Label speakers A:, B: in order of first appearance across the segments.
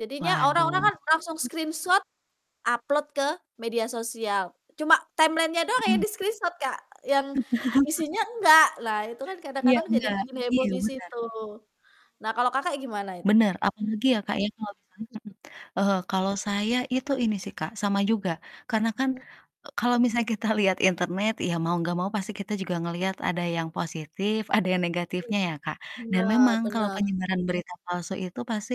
A: Jadinya orang-orang
B: Waduh.
A: kan langsung screenshot upload ke media sosial cuma timeline-nya doang ya
B: Mhm.
A: di screenshot, Kak, yang isinya enggak, nah itu kan
B: Iya
A: kadang-kadang jadi
B: gak,
A: bikin heboh
B: iya
A: di
B: bener.
A: situ. Nah kalau, Kakak, gimana?
B: Bener apalagi ya, Kak, ya kalau misalnya
A: [unintelligible]
B: mhm, heeh, kalau saya itu ini sih, Kak, sama juga karena kan
A: Mmm.
B: e kalau misalnya kita liat internet ya mau gak mau pasti kita juga ngeliat ada yang positif, ada yang negatifnya ya, Kak, dan memang
A: Benar
B: kalau
A: benar.
B: penyebaran berita palsu itu pasti,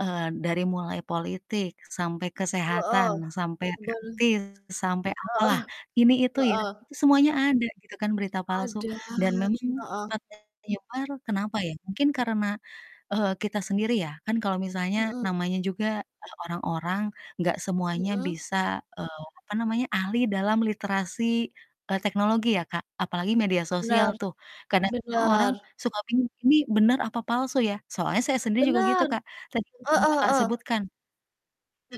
B: eee, dari mulai politik sampai kesehatan
A: Heeh,
B: sampai
A: ben
B: [unintelligible] sampai apalah
A: Heeh
B: ini itu ya,
A: heeh.
B: itu semuanya ada gitu kan berita palsu
A: Ada,
B: dan memang
A: heeh.
B: cepat menyebar kenapa ya mungkin karena, eee, kita sendiri ya kan kalau misalnya
A: Mhm.
B: namanya juga, eee, orang-orang gak semuanya
A: Mhm.
B: bisa, eee, apa namanya, ahli dalam literasi, eee, teknologi ya, Kak, apalagi media sosial
A: Benar,
B: tuh kadang-kadang orang
A: benar.
B: suka bingung ini bener apa palsu ya? Soalnya saya sendiri juga gitu,
A: Bener,
B: Kak, tadi yang sudah,
A: heeh
B: Kakak,
A: heeh.
B: sebutkan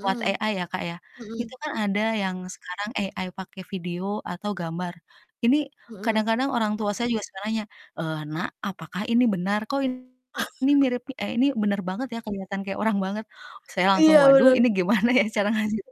B: lewat AI ya, Kak, ya itu
A: mhm.
B: kan ada yang sekarang AI pake video atau gambar, ini
A: Mhm.
B: kadang-kadang orang tua saya juga suka nanya, eee, "Nak apakah ini benar kok ini mirip eh, ini bener banget ya kelihatan kayak orang banget?" Saya langsung
A: Iya
B: waduh ini
A: bener.
B: gimana ya cara ngajarinnya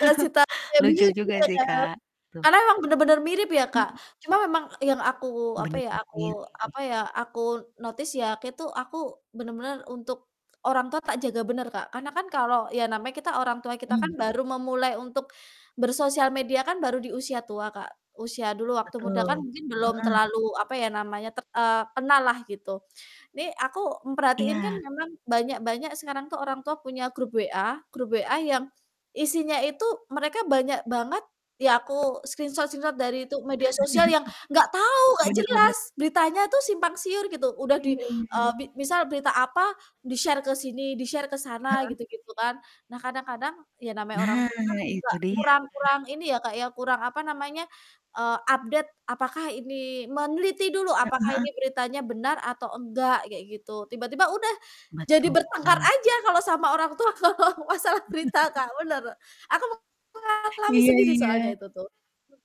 A: Kasih tahu ya
B: lucu
A: bingung
B: juga
A: juga
B: sih,
A: ya,
B: Kak, gitu.
A: karena emang bener-bener mirip ya, Kak,
B: Mmm.
A: cuma memang yang aku, apa ya
B: Bener-bener mirip.
A: aku, apa ya, aku notice ya kek tuh aku bener-bener untuk orang tua tak jaga bener, Kak. Karena kan kalau ya namanya kita orang tua kita kan
B: Hmm.
A: baru memulai untuk bersosial media kan baru di usia tua, Kak, usia dulu waktu muda kan
B: Betul,
A: mungkin belum
B: heeh.
A: terlalu, apa ya namanya, te eee, kenal lah gitu nih aku memperhatiin kan
B: Iya.
A: memang banyak-banyak sekarang tuh orang tua punya grup WA grup WA yang isinya itu mereka banyak banget ya aku screenshot-screenshot dari itu media sosial yang gak tau, gak
B: Bener bener.
A: jelas beritanya tuh simpang siur gitu, udah di,
B: Iya
A: eee,
B: ini.
A: bi misal berita apa di-share ke sini, di-share ke sana
B: Heeh.
A: gitu-gitu kan. Nah kadang-kadang ya namanya orang
B: Nah,
A: tua kan juga
B: itu dia.
A: kurang kurang ini ya, Kak, ya kurang, apa namanya, eee, update apakah ini meneliti dulu
B: Heeh
A: apakah
B: heeh.
A: ini beritanya benar atau enggak kayak gitu, tiba-tiba udah jadi bertengkar
B: Betul.
A: aja kalau sama orang tua kalau masalah berita, Kak, bener, aku mengalami
B: Iya
A: sendiri soalnya
B: iya.
A: itu tuh.